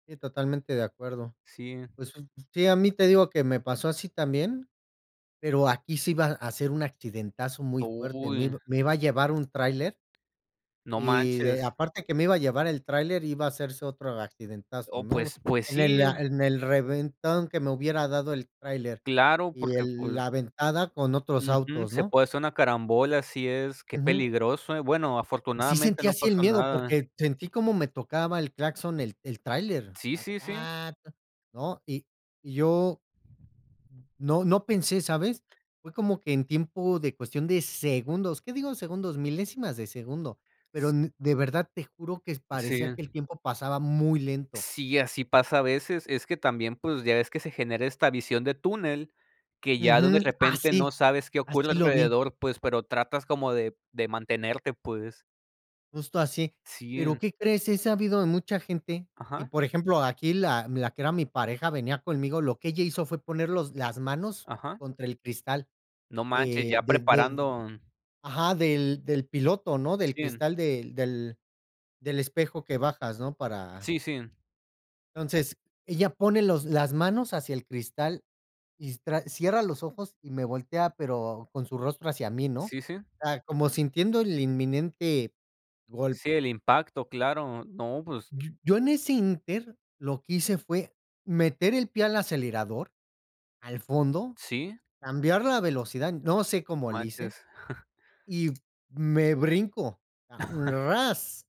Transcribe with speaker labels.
Speaker 1: Sí, totalmente de acuerdo.
Speaker 2: Sí.
Speaker 1: Si. Pues, un un sí, a mí, te digo, que me pasó así también, pero aquí sí iba a ser un accidentazo muy fuerte. Me
Speaker 2: Uy.
Speaker 1: ib me iba a llevar un tráiler.
Speaker 2: No
Speaker 1: Y
Speaker 2: manches.
Speaker 1: aparte que me iba a llevar el tráiler, iba a hacerse otro accidentazo,
Speaker 2: Oh,
Speaker 1: ¿no?
Speaker 2: pues pues,
Speaker 1: En
Speaker 2: sí.
Speaker 1: el a en el reventón que me hubiera dado el tráiler,
Speaker 2: Claro,
Speaker 1: y
Speaker 2: porque,
Speaker 1: el
Speaker 2: pues
Speaker 1: la aventada con otros
Speaker 2: Ujú.
Speaker 1: autos,
Speaker 2: Se
Speaker 1: ¿no?
Speaker 2: puede hacer una carambola, así es. ¡Qué
Speaker 1: Ujú.
Speaker 2: peligroso!, ¿eh? Bueno,
Speaker 1: Sí
Speaker 2: afortunadamente
Speaker 1: sentí
Speaker 2: no
Speaker 1: así el
Speaker 2: pasó
Speaker 1: miedo,
Speaker 2: nada.
Speaker 1: porque sentí como me tocaba el claxon el el tráiler,
Speaker 2: Sí,
Speaker 1: ta,
Speaker 2: sí, sí.
Speaker 1: ta, ta, ¿no? Y y yo mm, no, no pensé, ¿sabes? Fue como que en tiempo de cuestión de segundos, qué digo segundos, milésimas de segundo. Pero
Speaker 2: S
Speaker 1: n de verdad, te juro que
Speaker 2: Sí.
Speaker 1: parecía que el tiempo pasaba muy lento.
Speaker 2: Sí, así pasa a veces. Es que también, pues, ya ves que se genera esta visión de túnel, que ya de
Speaker 1: Ujú.
Speaker 2: repente no
Speaker 1: Así,
Speaker 2: sabes qué ocurre
Speaker 1: así lo vi.
Speaker 2: alrededor, pues, pero tratas como de de mantenerte, pues.
Speaker 1: Justo así.
Speaker 2: Sí,
Speaker 1: Pero,
Speaker 2: en
Speaker 1: ¿qué crees? He sabido de mucha gente y,
Speaker 2: Ajá.
Speaker 1: por ejemplo, aquí la la que era mi pareja, venía conmigo, lo que ella hizo fue poner los las manos
Speaker 2: Ajá.
Speaker 1: contra el cristal
Speaker 2: No manches,
Speaker 1: de
Speaker 2: ya
Speaker 1: de de
Speaker 2: preparando
Speaker 1: ajá, del del piloto, ¿no?, del
Speaker 2: Sí, en
Speaker 1: cristal del del del espejo que bajas, ¿no?, para
Speaker 2: Sí, sí.
Speaker 1: Entonces, ella pone los las manos hacia el cristal, y s tra cierra los ojos y me voltea, pero con su rostro hacia mí, ¿no?,
Speaker 2: Sí, sí.
Speaker 1: o sea, como sintiendo el inminente
Speaker 2: Sí,
Speaker 1: golpe.
Speaker 2: el impacto, claro, no, pues
Speaker 1: Y yo en ese inter, lo que hice fue meter el pie al acelerador, al fondo,
Speaker 2: ¿Sí?
Speaker 1: cambiar la velocidad. No sé cómo le hice,
Speaker 2: Manches.
Speaker 1: y me brinco, ¡ras!